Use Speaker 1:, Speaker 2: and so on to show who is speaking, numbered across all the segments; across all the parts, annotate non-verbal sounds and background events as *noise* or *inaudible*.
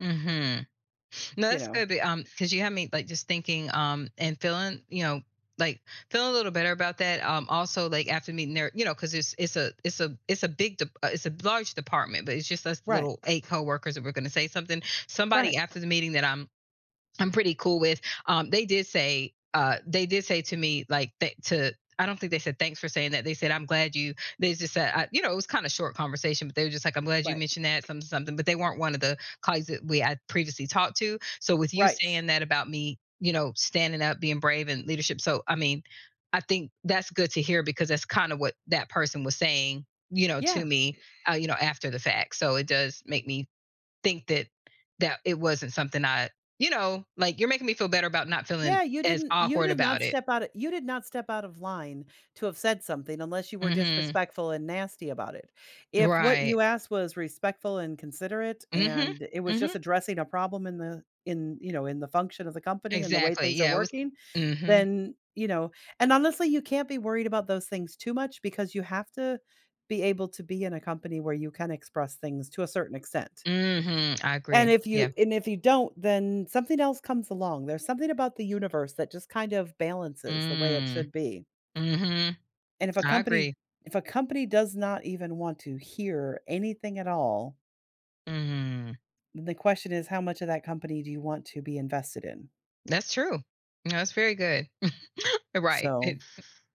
Speaker 1: Mhm. No,
Speaker 2: You
Speaker 1: that's
Speaker 2: know?
Speaker 1: good, the, um 'cause you have me, like, just thinking, um, and feeling, you know, like, feeling a little better about that, um, also, like, after meeting there you know, 'cause it's it's a it's a it's a big dep uh, it's a large department, but it's just us
Speaker 2: Right.
Speaker 1: little 8 coworkers that were gonna say something. Somebody
Speaker 2: Right.
Speaker 1: after the meeting that I'm I'm pretty cool with, um, they did say uh, they did say to me, like, they to I don't think they said, "Thanks for saying that," they said, "I'm glad you" they just said, uh, you know, it was kinda short conversation, but they were just like, "I'm glad you
Speaker 2: Right.
Speaker 1: mentioned that something-something," but they weren't one of the colleagues that we had previously talked to. So, with you
Speaker 2: Right.
Speaker 1: saying that about me, you know, standing up, being brave in leadership so, I mean, I think that's good to hear because that's kinda what that person was saying, you know, to
Speaker 2: Yeah.
Speaker 1: me, uh, you know, after the fact. So, it does make me think that that it wasn't something I you know, like, you're making me feel better about not feeling
Speaker 2: Yeah, you
Speaker 1: as
Speaker 2: didn't you
Speaker 1: awkward
Speaker 2: did
Speaker 1: about
Speaker 2: not
Speaker 1: it.
Speaker 2: step outta you did not step out of line to have said something unless you were
Speaker 1: Mhm.
Speaker 2: disrespectful and nasty about it. If what
Speaker 1: Right.
Speaker 2: you asked was respectful and considerate,
Speaker 1: Mhm.
Speaker 2: and it was just
Speaker 1: Mhm.
Speaker 2: addressing a problem in the in, you know, in the function of the company, and the way
Speaker 1: Exactly.
Speaker 2: things are
Speaker 1: Yeah, it was
Speaker 2: working,
Speaker 1: mhm.
Speaker 2: then, you know and honestly, you can't be worried about those things too much, because you have to be able to be in a company where you can express things to a certain extent.
Speaker 1: Mhm, I
Speaker 2: And
Speaker 1: agree.
Speaker 2: if
Speaker 1: Yeah.
Speaker 2: you and if you don't, then something else comes along. There's something about the universe that just kind of balances the way it
Speaker 1: Mm.
Speaker 2: should be.
Speaker 1: Mhm.
Speaker 2: And if a
Speaker 1: I
Speaker 2: company
Speaker 1: agree.
Speaker 2: if a company does not even want to hear anything at all
Speaker 1: Mm.
Speaker 2: the question is how much of that company do you want to be invested in?
Speaker 1: That's true. That's very good. *chuckles* Right,
Speaker 2: So,
Speaker 1: it's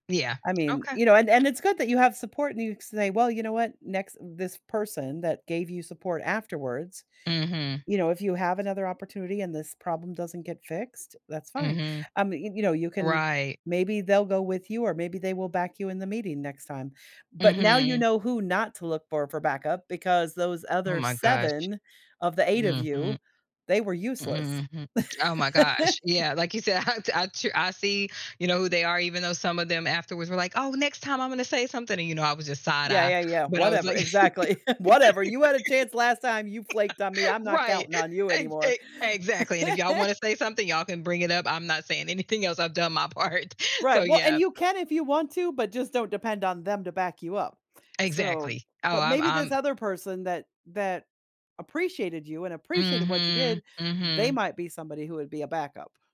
Speaker 1: yeah.
Speaker 2: I mean
Speaker 1: Okay.
Speaker 2: you know, and and it's good that you have support and you say, "Well, you know what? Next" this person that gave you support afterwards,
Speaker 1: Mhm.
Speaker 2: you know, if you have another opportunity and this problem doesn't get fixed, that's fine.
Speaker 1: Mhm.
Speaker 2: Um, you you know, you can
Speaker 1: Right.
Speaker 2: maybe they'll go with you or maybe they will back you in the meeting next time. But now you
Speaker 1: Mhm.
Speaker 2: know who not to look for for backup, because those
Speaker 1: Oh
Speaker 2: other
Speaker 1: my gosh.
Speaker 2: 7 of the 8 of
Speaker 1: Mhm.
Speaker 2: you, they were useless.
Speaker 1: Mm-mm, hmm. Oh my gosh.
Speaker 2: *laughs*
Speaker 1: Yeah, like you said, I t I tru I see, you know, who they are even though some of them afterwards were like, "Oh, next time I'm gonna say something," and you know, I was just
Speaker 2: Yeah,
Speaker 1: side-eye,
Speaker 2: yeah, yeah.
Speaker 1: but I was
Speaker 2: "Whatever"
Speaker 1: like
Speaker 2: exactly. *laughs* "Whatever, you had a chance last time. You flaked on me. I'm
Speaker 1: *laughs*
Speaker 2: not
Speaker 1: right!
Speaker 2: counting
Speaker 1: *laughs*
Speaker 2: on you
Speaker 1: E
Speaker 2: anymore."
Speaker 1: e exactly, "And if y'all wanna
Speaker 2: *laughs*
Speaker 1: say something y'all can bring it up. I'm not saying anything else I've done my part." So,
Speaker 2: Right. Well, and
Speaker 1: yeah.
Speaker 2: you can if you want to, but just don't depend on them to back you up, so
Speaker 1: Exactly. Oh,
Speaker 2: but
Speaker 1: I'm
Speaker 2: maybe this
Speaker 1: I'm
Speaker 2: other person that that appreciated you and appreciated what you
Speaker 1: Mhm.
Speaker 2: did, they
Speaker 1: Mhm.
Speaker 2: might be somebody who would be a backup.